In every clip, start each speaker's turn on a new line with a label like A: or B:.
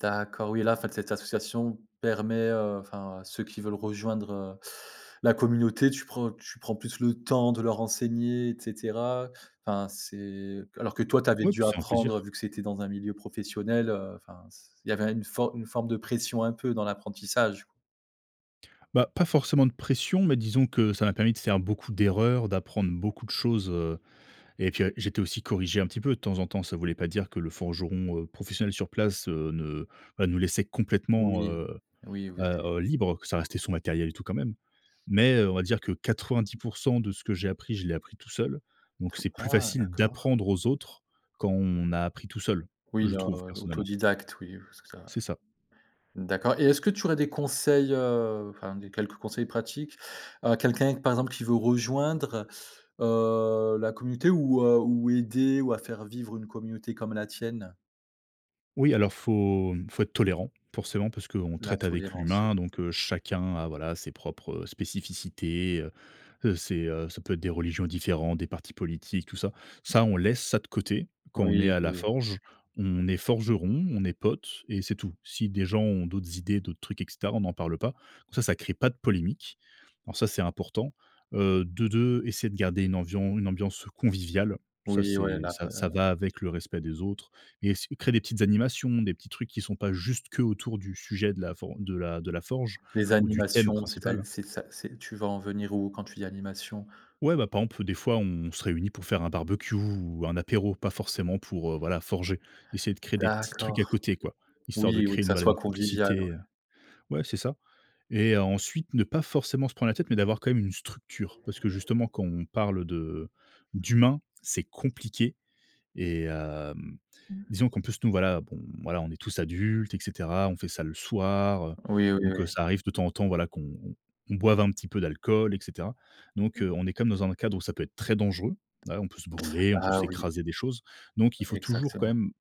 A: D'accord, oui et là, en fait, cette association permet, heu, enfin, à ceux qui veulent rejoindre, heu, la communauté, tu prends tu prends plus le temps de leur enseigner et cetera, enfin, c'est alors que, toi, tu avais
B: Oui,
A: dû
B: puis c'est un
A: apprendre
B: plaisir.
A: vu que c'était dans un milieu professionnel, heu, enfin, c il avait une forme une forme de pression un peu dans l'apprentissage?
B: Ben, pas forcément de pression mais disons que ça m'a permis de faire beaucoup d'erreurs, d'apprendre beaucoup de choses, heu et puis j'étais aussi corrigé un petit peu de temps en temps. Ça voulait pas dire que le forgeron, heu, professionnel sur place ne enfin, nous laissait complètement,
A: Oui,
B: heu
A: oui, vous étiez
B: heu, libre, parce que ça restait son matériel et tout, quand même mais on va dire que 90 % de ce que j'ai appris, je l'ai appris tout seul, donc c'est plus
A: Ah
B: facile
A: d'accord!
B: d'apprendre aux autres quand on a appris tout seul,
A: Oui,
B: je
A: heu,
B: trouve, personnellement.
A: autodidacte, oui, je vois ce que c'est ouais.
B: C'est ça.
A: D'accord et est-ce que tu aurais des conseils, heu, enfin des quelques conseils pratiques à quelqu'un, par exemple, qui veut rejoindre, heu, la communauté ou, heu, ou aider ou à faire vivre une communauté comme la tienne?
B: Oui, alors faut, hem, faut être tolérant forcément parce qu'on
A: La
B: traite avec
A: tolérance, oui.
B: l'humain, donc heu, chacun a, voilà, ses propres spécificités, heu, c'est, heu, ça peut être des religions différentes, des partis politiques, tout ça. Ça, on laisse ça de côté. Quand on est
A: Oui,
B: à la
A: oui.
B: forge, on est forgeron, on est potes et c'est tout. Si des gens ont d'autres idées, d'autres trucs et cetera, on n'en parle pas, donc ça, ça crée pas de polémique. Alors ça, c'est important, heu, de de essayer de garder une amvian une ambiance conviviale, ça,
A: Oui, ouais,
B: c'est
A: la
B: ça
A: pa la
B: ça va avec le respect des autres et s créer des petites animations, des petits trucs qui sont pas juste qu'autour du sujet de la for de la de la forge
A: Les
B: ou du thème
A: animations, c'est à
B: principal.
A: c'est ça c'est tu vas en venir où quand tu dis: «Animations»?
B: Ouais, ben, par exemple, des fois, on se réunit pour faire un barbecue ou un apéro, pas forcément pour, heu, voilà, forger. Essayer de créer des petits trucs à
A: D'accord.
B: côté, quoi, histoire de
A: Oui ou
B: créer
A: que
B: une
A: ça
B: voilà,
A: soit
B: une
A: convivial,
B: complicité,
A: ouais?
B: heu ouais, c'est ça et ensuite ne pas forcément se prendre la tête mais d'avoir quand même une structure parce que justement, quand on parle de d'humain, c'est compliqué et heu,
A: Mmh mh.
B: disons qu'en plus nous, voilà, bon, voilà, on est tous adultes et cetera. On fait ça le soir,
A: Oui, oui,
B: donc
A: oui.
B: ça arrive de temps en temps, voilà, qu'on qu'on boive un petit peu d'alcool et cetera, donc
A: Mmh
B: heu,
A: mh.
B: on est quand même dans un cadre où ça peut être très dangereux, voilà, on peut se brûler, on peut
A: Ah oui!
B: s'écraser des choses donc il faut toujours quand
A: Exactement.
B: même,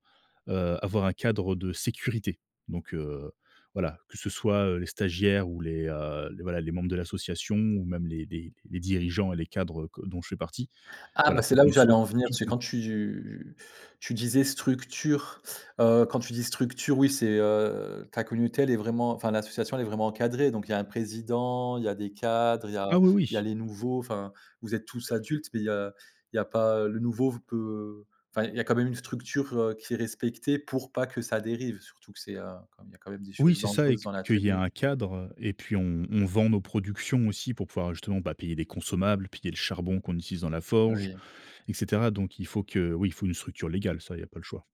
B: heu, avoir un cadre de sécurité. Donc heu, voilà, que ce soit les stagiaires ou les, heu, voilà, les membres de l'association ou même les les les dirigeants et les cadres que dont je fais partie,
A: Ah, ben,
B: voilà,
A: c'est
B: faut
A: là où
B: qu'on
A: j'allais
B: soit
A: en venir,
B: tout
A: parce
B: le
A: que
B: temps
A: quand tu tu disais: «Structure», heu, quand tu dis: «Structure», oui, c'est, heu, ta communauté, elle est vraiment enfin, l'association, elle est vraiment encadrée? Donc il y a un président, il y a des cadres, il y a
B: Ah oui,
A: il y
B: oui.
A: a les nouveaux, enfin, vous êtes tous adultes mais il y a il y a pas le nouveau v peut enfin, il y a quand même une structure, heu, qui est respectée pour pas que ça dérive, surtout que c'est, heu, comme il y a quand même des
B: Oui,
A: choses
B: c'est ça et
A: dangereuses
B: que
A: dans
B: qu'il y ait
A: l'atelier?
B: un cadre et puis, on on vend nos productions aussi pour pouvoir justement, bah, payer des consommables, payer le charbon qu'on utilise dans la forge
A: Oui.
B: et cetera, donc il faut que oui, il faut une structure légale, ça, il y a pas le choix.